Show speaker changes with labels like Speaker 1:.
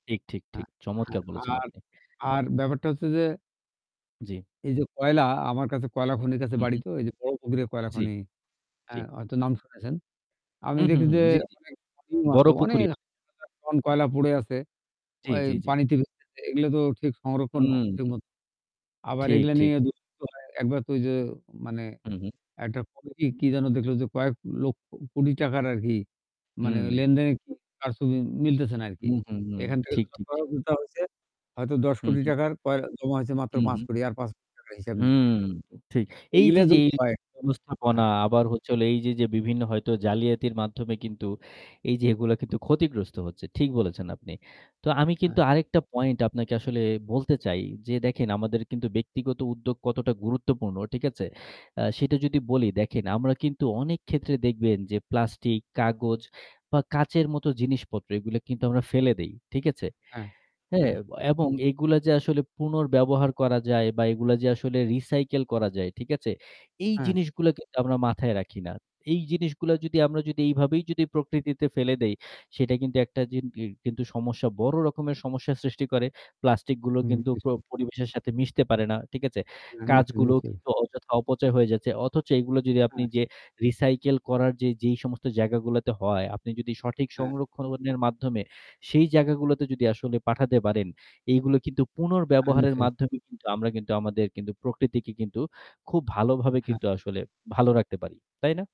Speaker 1: ঠিক, ঠিক, ঠিক।
Speaker 2: হ্যাঁ,
Speaker 1: চমৎকার বলেছেন,
Speaker 2: হ্যাঁ, আর,
Speaker 1: আপনি।
Speaker 2: আর ব্যাপারটা হচ্ছে যে
Speaker 1: জি।
Speaker 2: এই যে কয়লা আমার কাছে কয়লা খনির কাছে
Speaker 1: হু,
Speaker 2: বাড়ি
Speaker 1: হু।
Speaker 2: তো এই যে 'বড়পুকুরের' কয়লা
Speaker 1: জি।
Speaker 2: খনি,
Speaker 1: জি।
Speaker 2: হ্যাঁ, হয়তো নাম শুনেছেন। আমি
Speaker 1: হুম, হুম,
Speaker 2: দেখি
Speaker 1: হুম।
Speaker 2: যে
Speaker 1: জি, জি।
Speaker 2: অনেক [unintelligible]
Speaker 1: 'বড়
Speaker 2: অনেক
Speaker 1: পুকুরিয়া'।
Speaker 2: [unintelligible] টন কয়লা পড়ে আছে।
Speaker 1: জি,
Speaker 2: ওই
Speaker 1: জি, জি।
Speaker 2: পানিতে [unintelligible] এগুলো তো ঠিক সংরক্ষণ ঠিক
Speaker 1: হুম।
Speaker 2: মত। আবার
Speaker 1: ঠিক,
Speaker 2: এগুলা
Speaker 1: ঠিক,
Speaker 2: নিয়ে
Speaker 1: ঠিক।
Speaker 2: দু-একবার তো ঐ যে মানে
Speaker 1: হু, হু।
Speaker 2: একটা কি যেন দেখল যে কয়েক লক্ষ কোটি টাকার আর কি মানে
Speaker 1: হুম।
Speaker 2: লেনদেনের কারচুপি মিলতেছে না আরকি।
Speaker 1: হুম, হুম, হুম.
Speaker 2: এখান থেকে
Speaker 1: ঠিক, ঠিক, ঠিক।
Speaker 2: [unintelligible] হইছে হয়তো দশ
Speaker 1: হু,
Speaker 2: কোটি
Speaker 1: হু।
Speaker 2: টাকা র কয়লা জমা হয়েছে মাত্র
Speaker 1: হু,
Speaker 2: পাঁচ
Speaker 1: হু।
Speaker 2: কোটি আর ৳৫,০০,০০,০০০ র হিসাব নেই।
Speaker 1: হুম। ঠিক এইযে,
Speaker 2: মিলে
Speaker 1: যে
Speaker 2: যদি হয়।
Speaker 1: ব্যবস্থাপনা
Speaker 2: হ্যাঁ।
Speaker 1: আবার হচ্ছে হল এইযে, যে বিভিন্ন হয়তো জালিয়াতির মাধ্যমে কিন্তু এইযে এগুলো কিন্তু ক্ষতিগ্রস্ত হচ্ছে। ঠিক বলেছেন, আপনি। তো আমি কিন্তু
Speaker 2: হ্যাঁ।
Speaker 1: আরেকটা পয়েন্ট আপনাকে আসলে বলতে চাই, যে দেখেন আমাদের কিন্তু ব্যক্তিগত উদ্যোগ কতটা গুরুত্বপূর্ণ। ঠিক আছে? আ সেটা যদি বলি দেখেন আমরা কিন্তু অনেক ক্ষেত্রে দেখবেন যে প্লাস্টিক, কাগজ বা কাঁচের মতো জিনিসপত্র এগুলো কিন্তু আমরা ফেলে দেই। ঠিক আছে?
Speaker 2: হ্যাঁ,
Speaker 1: হ্যাঁ
Speaker 2: হ্যাঁ।
Speaker 1: এবং এগুলা যে আসলে পুনর্ব্যবহার করা যায় বা এগুলা যে আসলে recycle করা যায়, ঠিক আছে? এই
Speaker 2: হ্যাঁ।
Speaker 1: জিনিসগুলো কিন্তু আমরা মাথায় রাখি না। এই জিনিসগুলা যদি আমরা যদি এইভাবেই যদি প্রকৃতিতে ফেলে দেই সেটা কিন্তু একটা জি কিন্তু সমস্যা বড় রকমের সমস্যা সৃষ্টি করে। প্লাস্টিক গুলো
Speaker 2: হুম।
Speaker 1: কিন্তু প
Speaker 2: [unintelligible]
Speaker 1: পরিবেশের সাথে মিশতে পারে না। ঠিক আছে?
Speaker 2: হ্যাঁ, নিচে,
Speaker 1: কাঁচগুলো
Speaker 2: নিচে।
Speaker 1: কিন্তু অযথা অপচয় হয়ে যাচ্ছে। অথচ এগুলো যদি আপনি
Speaker 2: হ্যাঁ।
Speaker 1: যে recycle করার যে যেই সমস্ত জায়গাগুলোতে হয় আপনি যদি সঠিক
Speaker 2: হ্যাঁ।
Speaker 1: সংরক্ষণের মাধ্যমে সেই জায়গাগুলোতে যদি আসলে পাঠাতে পারেন এইগুলো কিন্তু পুনর্ব্যবহারের
Speaker 2: [unintelligible]
Speaker 1: মাধ্যমে কিন্তু আমরা কিন্তু আমাদের কিন্তু প্রকৃতিকে কিন্তু খুব ভালোভাবে কিন্তু
Speaker 2: হ্যাঁ।
Speaker 1: আসলে ভালো রাখতে পারি। তাই না?